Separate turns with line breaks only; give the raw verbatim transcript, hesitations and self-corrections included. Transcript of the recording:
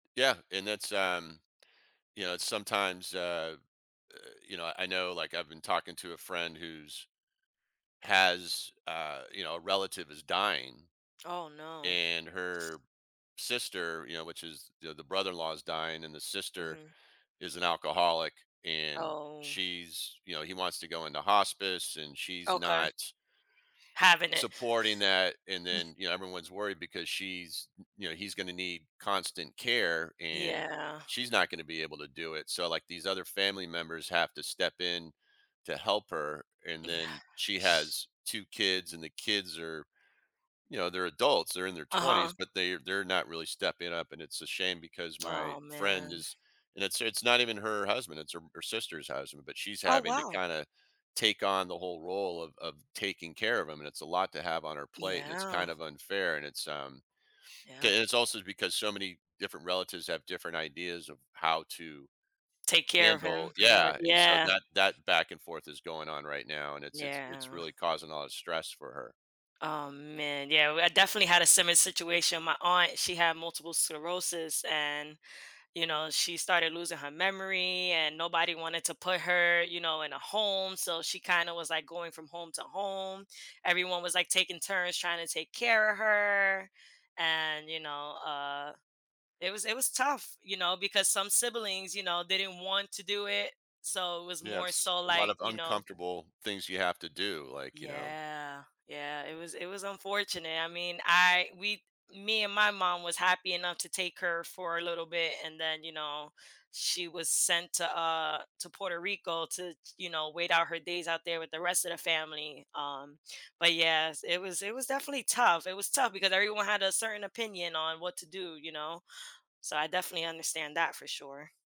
Yeah, and that's, um, you know, it's sometimes uh, uh, you know, I know, like, I've been talking to a friend who's has, uh, you know, a relative is dying,
Oh, no.
and her sister you know, which is the the brother-in-law is dying, and the sister
Mhm.
is an alcoholic and
Oh.
she's, you know he wants to go into hospice and she's
Okay.
not
Having it.
supporting that and then, you know, everyone's worried because she's y you know, he's gonna need constant care and
Yeah.
she's not gonna be able to do it, so, like, these other family members have to step in to help her and
Yeah,
then she
sh
has two kids, and the kids are you know, they're adults, they're in their
Uh-huh.
twenties, but they're they're not really stepping up and it's a shame because my
Oh,
friend
man.
is and it's it's not even her husband, it's her her sister's husband, but she's
Oh,
having to
wow.
kinda take on the whole role of of taking care of him and it's a lot to have on her plate and it's
Yeah.
kind of unfair and it's, um
Yeah.
and it's also because so many different relatives have different ideas of how to
Take care of him
handle
pretty mu
yeah, and so
yeah.
that that back and forth is going on right now and it's it's it's
Yeah.
really causing a lot of stress for her.
Oh, man, yeah, well, I definitely had a similar situation, my aunt, she had multiple sclerosis and, you know, she started losing her memory and nobody wanted to put her, you know, in a home, so she kinda was, like, going from home to home, everyone was, like, taking turns trying to take care of her and, you know, uh, it was it was tough, you know, because some siblings, you know, they didn't want to do it, so it was
Yeah,
more
it's
so,
a lot
like,
of
you know
uncomfortable things you have to do, like, you know
Yeah, yeah, it was it was unfortunate, I mean, I we me and my mom was happy enough to take her for a little bit and then, you know, she was sent to, uh, to Puerto Rico to, ch you know, wait out her days out there with the rest of the family, um, but yes, it was it was definitely tough, it was tough because everyone had a certain opinion on what to do, you know, so I definitely understand that for sure.